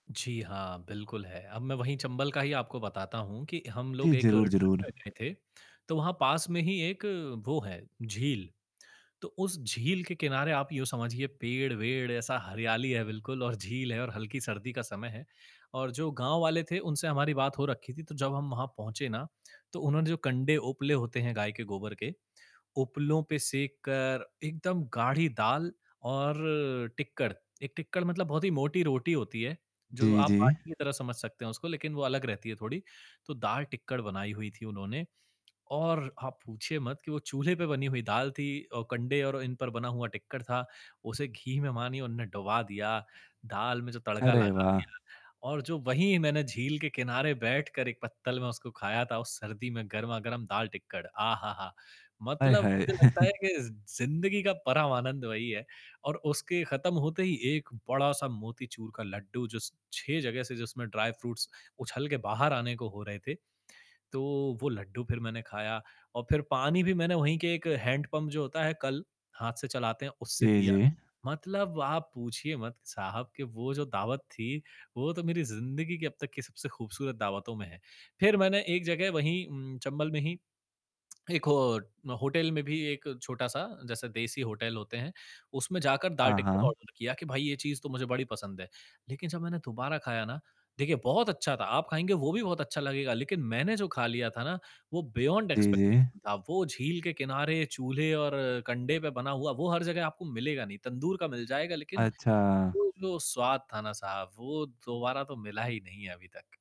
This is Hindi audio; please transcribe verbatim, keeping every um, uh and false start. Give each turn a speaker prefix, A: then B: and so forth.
A: जी हाँ, बिल्कुल है। अब मैं वही चंबल का ही आपको बताता हूँ कि हम
B: जी।
A: लोग एक
B: ज़रूर,
A: ट्रिप
B: ज़रूर।
A: में गए थे, तो वहाँ पास में ही एक वो है झील। तो उस झील के किनारे आप यूँ समझिए पेड़-वेड ऐसा हरियाली है बिल्कुल और झील है और हल्की सर्दी का समय है। और जो गाँव वाले थे उनसे हमारी बात हो रखी थी, तो जब हम वहाँ पहुँचे ना, तो उन्होंने जो कंडे उपले होते हैं गाय के गोबर के, उपलों पे सेक कर एकदम गाढ़ी दाल और टिक्कड़। एक टिक्कड़ मतलब बहुत ही मोटी रोटी होती है, जो
B: जी,
A: आप
B: जी।
A: बाटी की तरह समझ सकते हैं उसको लेक़िन वो अलग रहती है थोड़ी। तो दाल, टिक्कड़ बनाई हुई थी उन्होंने और आप पूछिए मत कि वो चूल्हे पे बनी हुई दाल थी, अ, कंडे और इन पर बना हुआ टिक्कड़ था, उसे घी में मानिए उन्होंने डूबा दिया, दाल में जो तड़का
B: अरे
A: लगा
B: वाह!
A: दिया, और जो वहीं मैंने झील के किनारे बैठकर एक पत्तल में उसको ख़ाया था उस सर्दी में गरमा-गरम दाल, टिक्कड़ आहाहा!
B: आय
A: मतलब
B: हाय!
A: मुझे लगता है कि ज़ ज़िंदगी का परम आनंद वही है, और उसके ख़त्म होते ही एक बड़ा-सा मोतीचूर का लड्डू जो स छह जगह से जिसमें ड्राई फ्रूट्स उछल के बाहर आने को हो रहे थे। तो वो लड्डू फ़िर मैंने ख़ाया और फ़िर पानी भी मैंने वहीं के एक हैंड पंप जो होता है कल हाथ से चलाते हैं उससे
B: जी,
A: पिया।
B: जी।
A: मतलब आप पूछिए मत साहब कि वो जो दावत थी वो तो मेरी ज़िंदगी की अब तक की सबसे ख़ूबसूरत दावतों में है। फ़िर मैंने एक जगह वही उम, चंबल में ही, एक हो अ, होटल में भी एक छोटा-सा जैसे देसी होटल होते हैं, उसमें जाकर दाल,
B: हाँ,
A: टिक्कड़
B: हाँ।
A: ऑर्डर किया कि भाई ये चीज़ तो मुझे बड़ी पसंद है। लेक़िन जब मैंने दोबारा ख़ाया ना, देखिए बहुत अच्छा था, आप ख़ाएँगे वो भी बहुत अच्छा लगेगा। लेक़िन मैंने जो ख़ा लिया था ना वो बियोंड
B: जी, जी।
A: एक्सपेक्टेशन था। वो झील के किनारे, चूल्हे और कंडे पे बना हुआ वो हर जगह आपको मिलेगा नहीं। तंदूर का मिल जाएगा लेक़िन
B: अच्छा।
A: वो जो स्वाद था ना साहब वो दोबारा तो मिला ही नहीं है अभी तक।